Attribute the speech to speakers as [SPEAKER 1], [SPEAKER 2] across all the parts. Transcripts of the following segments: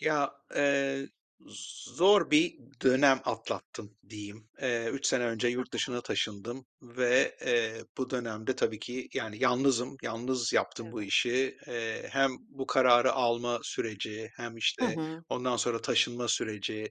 [SPEAKER 1] Ya, eee, zor bir dönem atlattım diyeyim. Eee, 3 sene önce
[SPEAKER 2] Hı
[SPEAKER 1] yurt
[SPEAKER 2] hı.
[SPEAKER 1] dışına taşındım ve, eee, bu dönemde tabii ki, yani, yalnızım. Yalnız yaptım bu
[SPEAKER 2] Evet.
[SPEAKER 1] işi. Eee, hem bu kararı alma süreci hem,
[SPEAKER 2] Hı
[SPEAKER 1] işte,
[SPEAKER 2] hı.
[SPEAKER 1] ondan sonra taşınma süreci,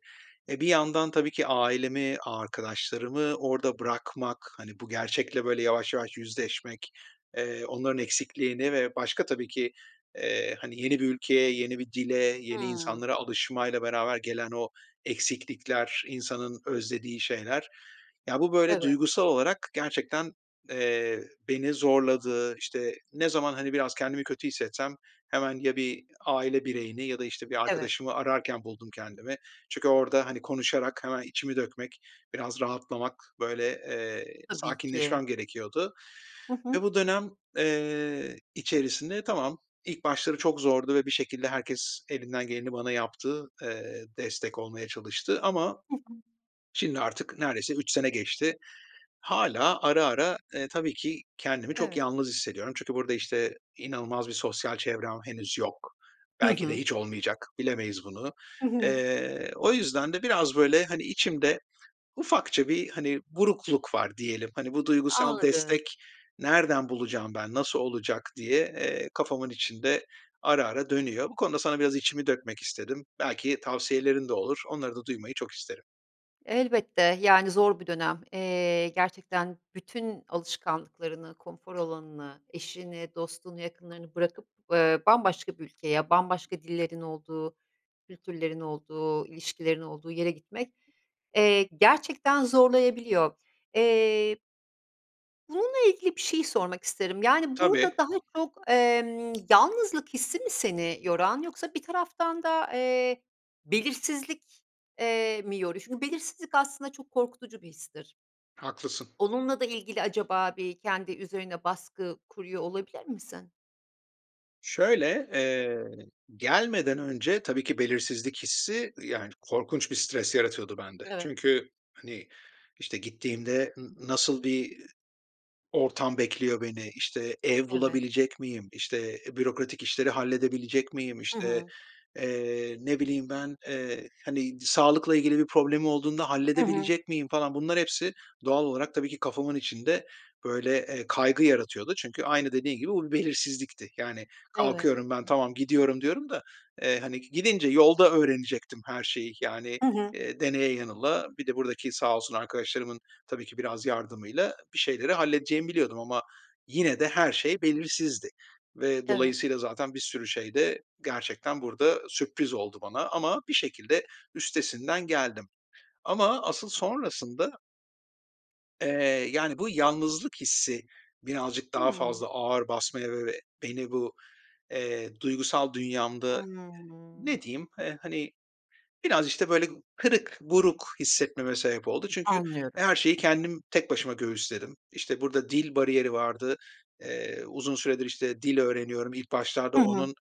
[SPEAKER 1] e, bir yandan tabii ki ailemi, arkadaşlarımı orada bırakmak, hani, bu gerçekle, böyle, yavaş yavaş yüzleşmek, eee, onların eksikliğini ve başka tabii ki, eee, hani, yeni bir ülkeye, yeni bir dile, yeni
[SPEAKER 2] Hımm.
[SPEAKER 1] insanlara alışmayla beraber gelen o eksiklikler, insanın özlediği şeyler, ya, bu, böyle,
[SPEAKER 2] Evet.
[SPEAKER 1] duygusal olarak gerçekten, eee, beni zorladı. İşte, ne zaman, hani, biraz kendimi kötü hissetsem hemen ya bir aile bireyini ya da, işte, bir
[SPEAKER 2] Evet.
[SPEAKER 1] arkadaşımı ararken buldum kendimi. Çünkü orada, hani, konuşarak hemen içimi dökmek, biraz rahatlamak, böyle, eee,
[SPEAKER 2] Tabii ki.
[SPEAKER 1] sakinleşmem gerekiyordu
[SPEAKER 2] Hı
[SPEAKER 1] ve
[SPEAKER 2] hı.
[SPEAKER 1] bu dönem, eee, içerisinde tamam, ilk başları çok zordu ve bir şekilde herkes elinden geleni bana yaptı, eee, destek olmaya çalıştı. Ama
[SPEAKER 2] Hı hı.
[SPEAKER 1] şimdi artık neredeyse 3 sene geçti. Hâlâ ara ara, eee, tabii ki kendimi çok
[SPEAKER 2] Evet.
[SPEAKER 1] yalnız hissediyorum çünkü burada, işte, inanılmaz bir sosyal çevrem henüz yok.
[SPEAKER 2] Hı
[SPEAKER 1] Belki de
[SPEAKER 2] hı.
[SPEAKER 1] hiç olmayacak, bilemeyiz bunu.
[SPEAKER 2] Hı hı.
[SPEAKER 1] Eee, o yüzden de biraz, böyle, hani, içimde ufakça bir, hani, burukluk var diyelim. Hani, "Bu duygusal
[SPEAKER 2] Anladım.
[SPEAKER 1] destek nereden bulacağım ben, nasıl olacak?" diye, eee, kafamın içinde ara ara dönüyor. Bu konuda sana biraz içimi dökmek istedim. Belki tavsiyelerin de olur. Onları da duymayı çok isterim.
[SPEAKER 2] Elbette, yani, zor bir dönem. Eee, gerçekten bütün alışkanlıklarını, konfor alanını, eşini, dostunu, yakınlarını bırakıp, ııı, bambaşka bir ülkeye, bambaşka dillerin olduğu, kültürlerin olduğu, ilişkilerin olduğu yere gitmek, eee, gerçekten zorlayabiliyor. Eee bununla ilgili bir şey sormak isterim. Yani,
[SPEAKER 1] Tabii.
[SPEAKER 2] burada daha çok, emm, yalnızlık hissi mi seni yoran yoksa bir taraftan da, eee, belirsizlik, eee, mi yoruyor? Çünkü belirsizlik aslında çok korkutucu bir histir.
[SPEAKER 1] Haklısın.
[SPEAKER 2] Onunla da ilgili, acaba bir kendi üzerine baskı kuruyor olabilir misin?
[SPEAKER 1] Şöyle, eee, gelmeden önce tabii ki, belirsizlik hissi, ııı, yani, korkunç bir stres yaratıyordu bende.
[SPEAKER 2] Evet.
[SPEAKER 1] Çünkü, hani, işte, gittiğimde n nasıl bir ortam bekliyor beni, işte, ev
[SPEAKER 2] Evet.
[SPEAKER 1] bulabilecek miyim? İşte, e, bürokratik işleri halledebilecek miyim?
[SPEAKER 2] Hı
[SPEAKER 1] İşte,
[SPEAKER 2] hı.
[SPEAKER 1] eee, ne bileyim ben, eee, hani, d sağlıkla ilgili bir problemim olduğunda
[SPEAKER 2] Hı hı.
[SPEAKER 1] halledebilecek miyim falan, bunlar hepsi doğal olarak tabii ki kafamın içinde, böyle, eee, kaygı yaratıyordu çünkü aynı dediğin gibi bu bir belirsizlikti. Yani,
[SPEAKER 2] Evet.
[SPEAKER 1] kalkıyorum ben, "tamam gidiyorum" diyorum da, eee, hani, gidince yolda öğrenecektim her şeyi. Yani,
[SPEAKER 2] Hı hı.
[SPEAKER 1] eee, deneye yanıla, bir de buradaki sağ olsun arkadaşlarımın tabii ki, biraz yardımıyla bir şeyleri halledeceğimi biliyordum ama yine de her şey belirsizdi. Ve
[SPEAKER 2] Evet.
[SPEAKER 1] dolayısıyla zaten bir sürü şey de gerçekten burada sürpriz oldu bana ama bir şekilde üstesinden geldim. Ama asıl sonrasında eee, yani, bu yalnızlık hissi birazcık daha
[SPEAKER 2] Hımm.
[SPEAKER 1] fazla ağır basmaya ve ve beni bu, eee, duygusal dünyamda
[SPEAKER 2] Hımm.
[SPEAKER 1] ne diyeyim? Eee, hani, biraz, işte, böyle, kırık, buruk hissetmeme sebep oldu. Çünkü, e,
[SPEAKER 2] Anlıyorum.
[SPEAKER 1] her şeyi kendim tek başıma göğüsledim. İşte, burada dil bariyeri vardı. Eee, uzun süredir, işte, dil öğreniyorum. İlk başlarda
[SPEAKER 2] Hı hı.
[SPEAKER 1] onun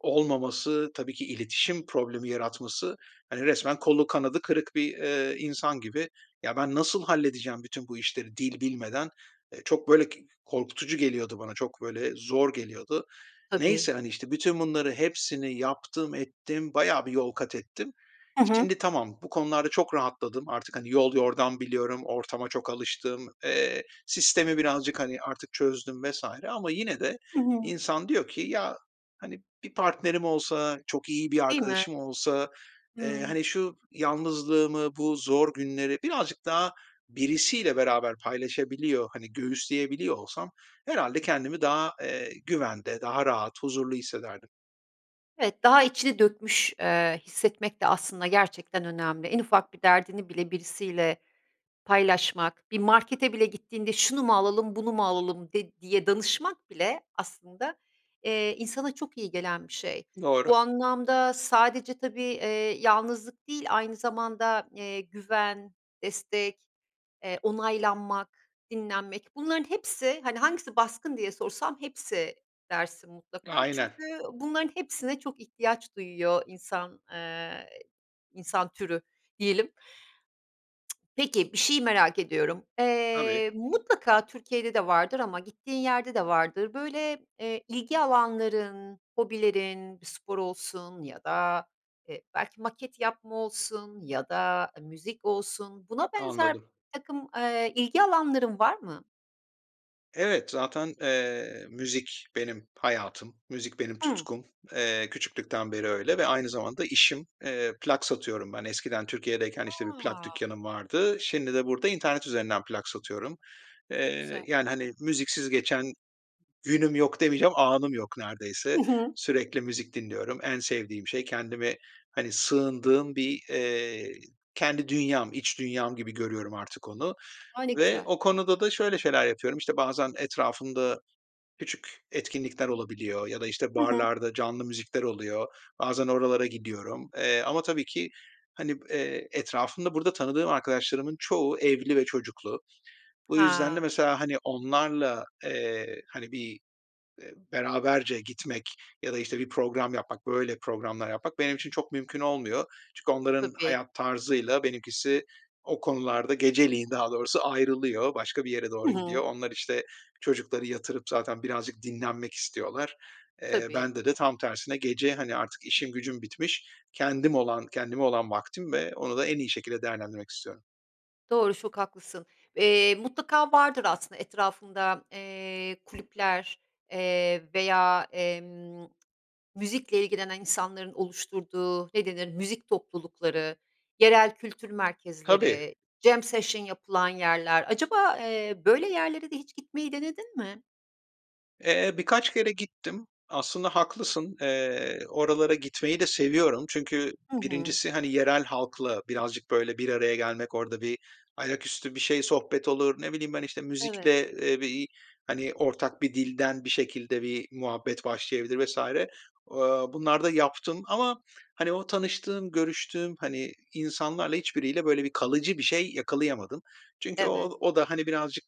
[SPEAKER 1] olmaması, tabii ki iletişim problemi yaratması, hani, resmen kolu kanadı kırık bir, ııı, insan gibi ya, ben nasıl halledeceğim bütün bu işleri dil bilmeden? Eee, çok, böyle, k korkutucu geliyordu bana, çok böyle zor geliyordu. Neyse,
[SPEAKER 2] Tabii.
[SPEAKER 1] hani, işte, bütün bunları hepsini yaptım, ettim, bayağı bir yol katettim.
[SPEAKER 2] Hı hı.
[SPEAKER 1] Şimdi tamam, bu konularda çok rahatladım. Artık, hani, yol yordam biliyorum, ortama çok alıştım, eee, sistemi birazcık, hani, artık çözdüm vs. ama yine de
[SPEAKER 2] Hı hı.
[SPEAKER 1] insan diyor ki "Ya, hani, bir partnerim olsa, çok iyi bir
[SPEAKER 2] Değil mi?
[SPEAKER 1] arkadaşım olsa, eee,
[SPEAKER 2] Hıı.
[SPEAKER 1] hani, şu yalnızlığımı, bu zor günleri birazcık daha birisiyle beraber paylaşabiliyor, hani, göğüsleyebiliyor olsam herhâlde kendimi daha, eee, güvende, daha rahat, huzurlu hissederdim."
[SPEAKER 2] Evet, daha içini dökmüş, eee, hissetmek de aslında gerçekten önemli. En ufak bir derdini bile birisiyle paylaşmak, bir markete bile gittiğinde şunu mu alalım bunu mu alalım de diye danışmak bile aslında, eee, insana çok iyi gelen bir şey.
[SPEAKER 1] Doğru.
[SPEAKER 2] Bu anlamda sadece tabii, eee, yalnızlık değil aynı zamanda, eee, güven, destek, eee, onaylanmak, dinlenmek bunların hepsi, hani, hangisi baskın diye sorsam hepsi dersin mutlaka.
[SPEAKER 1] Aynen.
[SPEAKER 2] Çünkü bunların hepsine çok ihtiyaç duyuyor insan, eee, insan türü diyelim. Peki, bir şeyi merak ediyorum.
[SPEAKER 1] Tabii.
[SPEAKER 2] Eee, mutlaka Türkiye'de de vardır ama gittiğin yerde de vardır. Böyle, eee, ilgi alanların, hobilerin bir spor olsun ya da, eee, belki maket yapma olsun ya da müzik olsun. Buna benzer
[SPEAKER 1] Anladım.
[SPEAKER 2] birtakım, eee, ilgi alanların var mı?
[SPEAKER 1] Evet. Zaten, eee, müzik benim hayatım. Müzik benim
[SPEAKER 2] Hımm.
[SPEAKER 1] tutkum. Eee, küçüklükten beri öyle ve aynı zamanda işim. Eee, plak satıyorum ben. Eskiden Türkiye'deyken işte bir plak
[SPEAKER 2] A!
[SPEAKER 1] dükkânım vardı. Şimdi de burada internet üzerinden plak satıyorum.
[SPEAKER 2] Çok
[SPEAKER 1] Eee,
[SPEAKER 2] güzel.
[SPEAKER 1] yani, hani, müziksiz geçen günüm yok demeyeceğim, anım yok neredeyse.
[SPEAKER 2] Hı hı.
[SPEAKER 1] Sürekli müzik dinliyorum. En sevdiğim şey. Kendimi, hani, sığındığım bir, eee, kendi dünyam, iç dünyam gibi görüyorum artık onu
[SPEAKER 2] A, ne
[SPEAKER 1] ve
[SPEAKER 2] güzel.
[SPEAKER 1] o konuda da şöyle şeyler yapıyorum. İşte, bazen etrafımda küçük etkinlikler olabiliyor ya da, işte,
[SPEAKER 2] Hı hı.
[SPEAKER 1] barlarda canlı müzikler oluyor. Bazen oralara gidiyorum. Eee, ama tabii ki, hani, b eee etrafımda burada tanıdığım arkadaşlarımın çoğu evli ve çocuklu. Bu yüzden de
[SPEAKER 2] Ha.
[SPEAKER 1] mesela hani onlarla, eee, hani bir, eee, beraberce gitmek ya da, işte, bir program yapmak, böyle, programlar yapmak benim için çok mümkün olmuyor. Çünkü onların
[SPEAKER 2] Tabii.
[SPEAKER 1] hayat tarzıyla benimkisi o konularda geceliğin daha doğrusu ayrılıyor. Başka bir yere
[SPEAKER 2] Hı
[SPEAKER 1] doğru gidiyor.
[SPEAKER 2] hı.
[SPEAKER 1] Onlar işte çocukları yatırıp zaten birazcık dinlenmek istiyorlar. Eee,
[SPEAKER 2] Tabii.
[SPEAKER 1] bende de tam tersine gece, hani, artık işim gücüm bitmiş, kendim olan kendime olan vaktim ve onu da en iyi şekilde değerlendirmek istiyorum.
[SPEAKER 2] Doğru, çok haklısın. Eee, mutlaka vardır aslında etrafında, eee, kulüpler, eee, veya, emm, müzikle ilgilenen insanların oluşturduğu ne denir müzik toplulukları, yerel kültür
[SPEAKER 1] Tabii.
[SPEAKER 2] merkezleri, jam session yapılan yerler. Acaba, eee, böyle yerlere de hiç gitmeyi denedin mi?
[SPEAKER 1] Eee, birkaç kere gittim. Aslında haklısın, eee, oralara gitmeyi de seviyorum çünkü
[SPEAKER 2] Hı hı.
[SPEAKER 1] 1'incisi hani, yerel halkla birazcık, böyle, bir araya gelmek, orada bir ayaküstü bir şey sohbet olur, ne bileyim ben, işte,
[SPEAKER 2] Evet.
[SPEAKER 1] müzikle, eee, bir, hani, ortak bir dilden bir şekilde bir muhabbet başlayabilir vs. Aaa, bunları da yaptım ama hani, o tanıştığım, görüştüğüm, hani, insanlarla hiçbiriyle böyle bir kalıcı bir şey yakalayamadım. Çünkü
[SPEAKER 2] Evet.
[SPEAKER 1] o o da hani, birazcık,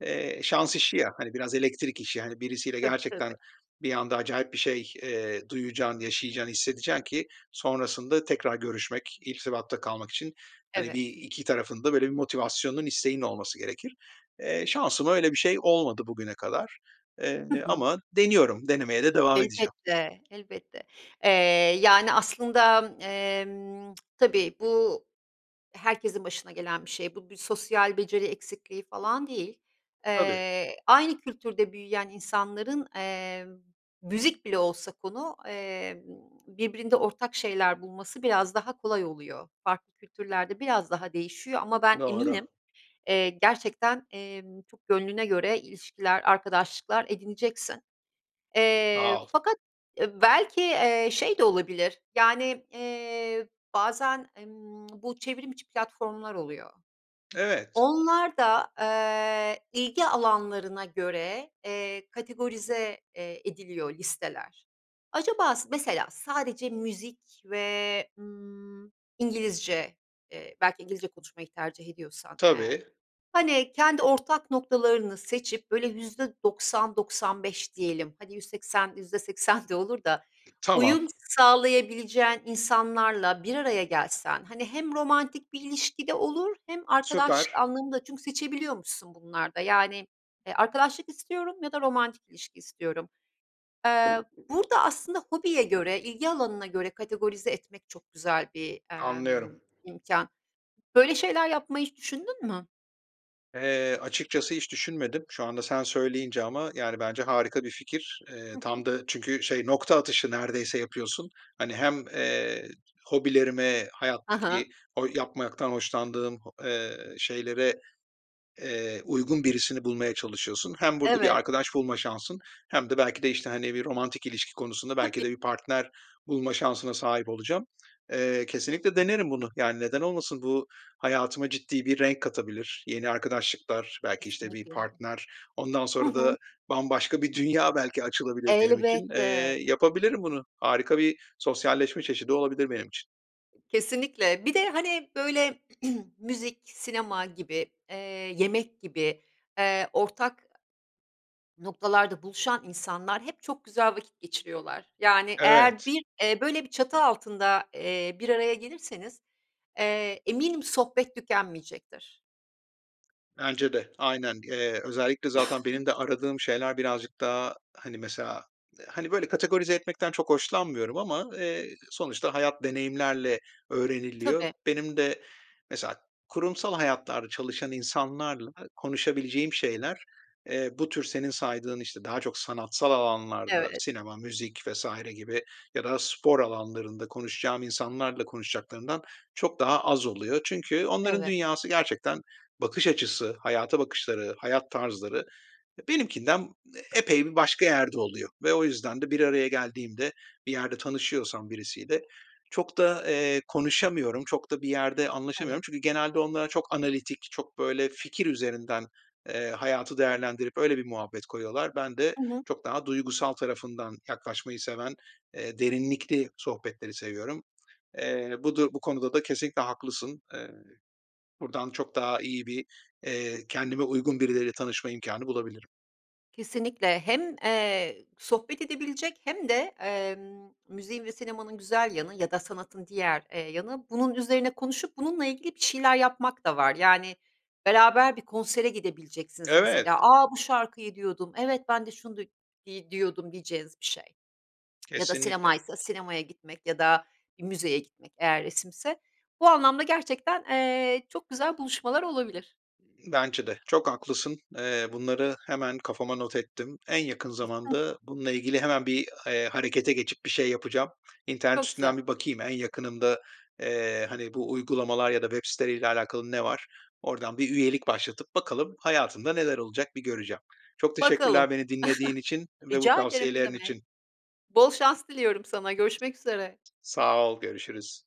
[SPEAKER 1] eee, şans işi ya, hani, biraz elektrik işi. Hani, birisiyle
[SPEAKER 2] Tabii,
[SPEAKER 1] gerçekten
[SPEAKER 2] tabii.
[SPEAKER 1] bir anda acayip bir şey, eee, duyacaksın, yaşayacağın, hissedeceksin ki sonrasında tekrar görüşmek, irtibatta kalmak için, hani, bir
[SPEAKER 2] Evet.
[SPEAKER 1] iki tarafın da böyle bir motivasyonunun isteğinin olması gerekir. Eee, şansıma öyle bir şey olmadı bugüne kadar. Eee,
[SPEAKER 2] Hı hı.
[SPEAKER 1] ama deniyorum, denemeye de devam edeceğim.
[SPEAKER 2] Elbette, elbette. Eee, yani, aslında, emm, tabii bu herkesin başına gelen bir şey. Bu bir sosyal beceri eksikliği falan değil.
[SPEAKER 1] Tabii.
[SPEAKER 2] Eee, aynı kültürde büyüyen insanların, eee, müzik bile olsa konu, eee, birbirinde ortak şeyler bulması biraz daha kolay oluyor. Farklı kültürlerde biraz daha değişiyor. Ama ben
[SPEAKER 1] Doğru.
[SPEAKER 2] eminim, eee, gerçekten, eee, çok gönlüne göre ilişkiler, arkadaşlıklar edineceksin. Eee,
[SPEAKER 1] Sağ ol.
[SPEAKER 2] fakat, eee, belki, eee, şey de olabilir, yani, eee, bazen, emm, bu çevrim içi platformlar oluyor.
[SPEAKER 1] Evet.
[SPEAKER 2] Onlarda, eee, ilgi alanlarına göre, eee, kategorize, eee, ediliyor listeler. Acaba s mesela sadece müzik ve, ımm, İngilizce, eee, belki İngilizce konuşmayı tercih ediyorsan eğer.
[SPEAKER 1] Tabii.
[SPEAKER 2] Hani, kendi ortak noktalarını seçip, böyle %90-%95 diyelim, hani, %80-%80 de olur da
[SPEAKER 1] Tamam.
[SPEAKER 2] uyum sağlayabileceğin insanlarla bir araya gelsen, hani, hem romantik bir ilişki de olur hem arkadaşlık
[SPEAKER 1] Süper.
[SPEAKER 2] anlamında çünkü seçebiliyormuşsun bunlarda, yani, arkadaşlık istiyorum ya da romantik ilişki istiyorum. Eee, burada aslında hobiye göre, ilgi alanına göre kategorize etmek çok güzel bir, emm,
[SPEAKER 1] Anlıyorum.
[SPEAKER 2] imkân. Böyle şeyler yapmayı hiç düşündün mü?
[SPEAKER 1] Eee, açıkçası hiç düşünmedim. Şu anda sen söyleyince ama yani, bence harika bir fikir. Eee,
[SPEAKER 2] Hı
[SPEAKER 1] tam
[SPEAKER 2] hı.
[SPEAKER 1] da çünkü şey nokta atışı neredeyse yapıyorsun. Hani, hem, eee, hobilerime,
[SPEAKER 2] Ha ha.
[SPEAKER 1] hayattaki o yapmaktan hoşlandığım ho eee, şeylere, eee, uygun birisini bulmaya çalışıyorsun. Hem burada bir
[SPEAKER 2] Evet.
[SPEAKER 1] arkadaş bulma şansın hem de belki de işte, hani, bir romantik ilişki konusunda belki
[SPEAKER 2] Tabii.
[SPEAKER 1] de bir partner bulma şansına sahip olacağım. Eee, kesinlikle denerim bunu. Yani, neden olmasın? Bu hayatıma ciddi bir renk katabilir, yeni arkadaşlıklar belki, işte, bir
[SPEAKER 2] Kesinlikle.
[SPEAKER 1] partner, ondan
[SPEAKER 2] Hı
[SPEAKER 1] sonra da
[SPEAKER 2] hı.
[SPEAKER 1] bambaşka bir dünya belki açılabilir benim için. Eee,
[SPEAKER 2] Elbette.
[SPEAKER 1] yapabilirim bunu. Harika bir sosyalleşme çeşidi olabilir benim için.
[SPEAKER 2] Kesinlikle. Bir de, hani, böyle müzik, sinema gibi, eee, yemek gibi, eee, ortak, aaa, noktalarda buluşan insanlar hep çok güzel vakit geçiriyorlar. Yani, eğer
[SPEAKER 1] Evet.
[SPEAKER 2] bir, eee, böyle bir çatı altında, eee, bir araya gelirseniz, eee, eminim sohbet tükenmeyecektir.
[SPEAKER 1] Bence de. Aynen. Eee, özellikle zaten benim de aradığım şeyler birazcık daha, hani, mesela, hani, böyle, kategorize etmekten çok hoşlanmıyorum ama eee, sonuçta hayat deneyimlerle öğreniliyor.
[SPEAKER 2] Tabii.
[SPEAKER 1] Benim de mesela kurumsal hayatlarda çalışan insanlarla konuşabileceğim şeyler, eee, bu tür senin saydığın, işte, daha çok sanatsal alanlarda
[SPEAKER 2] Evet.
[SPEAKER 1] sinema, müzik vs. gibi ya da spor alanlarında konuşacağım insanlarla konuşacaklarından çok daha az oluyor. Çünkü onların
[SPEAKER 2] Evet.
[SPEAKER 1] dünyası gerçekten bakış açısı, hayata bakışları, hayat tarzları ya benimkinden epey bir başka yerde oluyor. Ve o yüzden de bir araya geldiğimde, bir yerde tanışıyorsam birisiyle çok da, eee, konuşamıyorum, çok da bir yerde
[SPEAKER 2] Evet.
[SPEAKER 1] anlaşamıyorum çünkü genelde onlara çok analitik, çok böyle fikir üzerinden, eee, hayatı değerlendirip öyle bir muhabbet koyuyorlar. Ben de
[SPEAKER 2] Hı hı.
[SPEAKER 1] çok daha duygusal tarafından yaklaşmayı seven, eee, derinlikli sohbetleri seviyorum. Eee, bu du bu konuda da kesinlikle haklısın. Eee, buradan çok daha iyi bir, eee, kendime uygun birileriyle tanışma imkânı bulabilirim.
[SPEAKER 2] Kesinlikle. Hem, eee, sohbet edebilecek hem de, emm, müziğin ve sinemanın güzel yanı ya da sanatın diğer, eee, yanı bunun üzerine konuşup bununla ilgili bir şeyler yapmak da var. Yani, beraber bir konsere gidebileceksiniz.
[SPEAKER 1] Evet.
[SPEAKER 2] Mesela A, bu şarkıyı diyordum. Evet, ben de şunu duy iii, diyordum diyeceğiniz bir şey. Ya da
[SPEAKER 1] Kesinlikle.
[SPEAKER 2] sinemaysa sinemaya gitmek ya da bir müzeye gitmek eğer resimse. Bu anlamda gerçekten, eee, çok güzel buluşmalar olabilir.
[SPEAKER 1] Iıı, bence de. Çok haklısın. Eee, bunları hemen kafama not ettim. En yakın zamanda bununla ilgili hemen bir, eee, harekete geçip bir şey yapacağım. İnternet
[SPEAKER 2] Çok güzel.
[SPEAKER 1] üstünden bir bakayım en yakınımda, eee, hani, bu uygulamalar ya da web siteleriyle alakalı ne var. Oradan bir üyelik başlatıp bakalım hayatımda neler olacak bir göreceğim. Çok
[SPEAKER 2] Bakalım.
[SPEAKER 1] teşekkürler beni dinlediğin için ve bu
[SPEAKER 2] Rica ederim, ne
[SPEAKER 1] tavsiyelerin
[SPEAKER 2] demek.
[SPEAKER 1] için.
[SPEAKER 2] Bol şans diliyorum sana. Görüşmek üzere.
[SPEAKER 1] Sağ ol, görüşürüz.